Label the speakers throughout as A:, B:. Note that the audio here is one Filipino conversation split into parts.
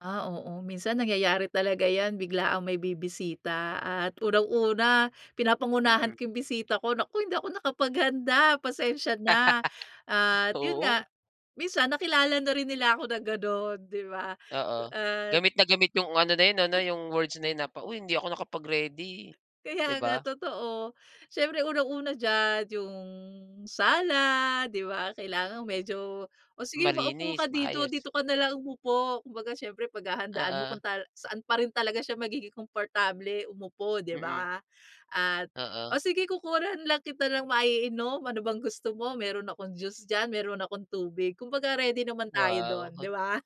A: Ah, oo. Minsan nangyayari talaga 'yan, biglaang may bibisita at unang-una, pinapangunahan
B: Mm.
A: ko yung bisita ko, "Naku, hindi ako nakapaghanda, pasensya na." At yun nga,
B: Oo.
A: minsan nakilala na rin nila ako na ganun, 'di ba?
B: Oo.
A: At
B: Gamit na gamit yung, ano na yun, ano
A: [unintelligible]
B: yung words na yun, "Uy, hindi ako nakapag-ready", 'di
A: Kaya nga,
B: ba?
A: totoo. Siyempre unang-una diyan yung sala, 'di ba, kailangan medyo, "O sige, maupo ka
B: Malinis.
A: dito.
B: Maayos.
A: Dito ka nalang umupo." Kumbaga, siyempre paghahandaan mo
B: Oo.
A: kung tala saan pa rin talaga siya magiging komportable umupo, 'di
B: Mm.
A: ba? At,
B: Oo.
A: "O sige, kukuhanan nalang kita ng maiinom. Ano bang gusto mo? Meron akong juice dyan, meron akong tubig." Kumbaga ready naman tayo
B: Wow.
A: dun, 'di
B: [unintelligible]
A: ba?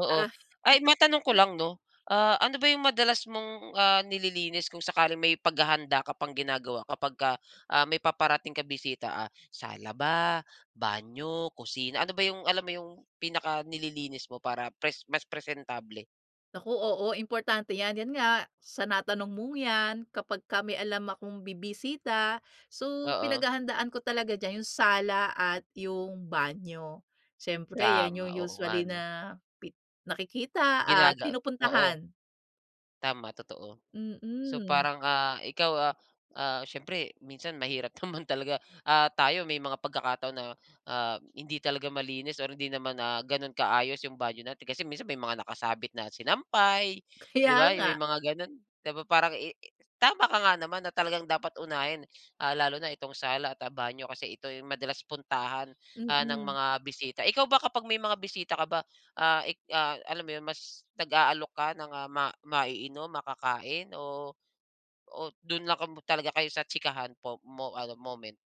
B: Oo.
A: Ah.
B: Ay, matanong ko lang 'no? Ah, ano ba yung madalas mong ah, nililinis kung sakaling may paghahanda ka pang ginagawa, kapag ka ah, may paparating kang bisita, ah, sala ba, banyo, kusina, ano ba yung alam mo yung pinakanililinis mo para pres mas presentable?
A: Naku, oo, importante 'yan. Yan nga, sa natanong mong 'yan, kapagka may alam akong bibisita, so,
B: Oo.
A: pinaghahandaan ko talaga diyan yung sala at yung banyo. Siyempre 'yan yung
B: Tama. Oo nga,
A: usually
B: 'no?
A: na pi nakikita at
B: Ginaga Oo.
A: pinupuntahan.
B: Tama. Totoo. So,
A: Mm.
B: parang ah, ikaw ah ah, siyempre minsan mahirap naman talaga, ah, tayo may mga pagkakataon na hindi talaga malinis, or hindi naman ah, ganun kaayos yung banyo natin, kasi minsan may mga nakasabit na sinampay, 'di
A: Kaya
B: ba may
A: nga.
B: mga gano'n? 'Di ba parang i tama ka nga naman na talagang dapat unahin ah, lalo na itong sala at banyo, kasi ito ay madalas puntahan ah, ng
A: Mm.
B: mga bisita. Ikaw ba, kapag may mga bisita ka ba, ah eh, ah, alam mo yun, mas nag-aalok ka ng ma maiinom, makakain, o o dun lang 'ka mo talaga kayo sa tsikahan po mo ano moment?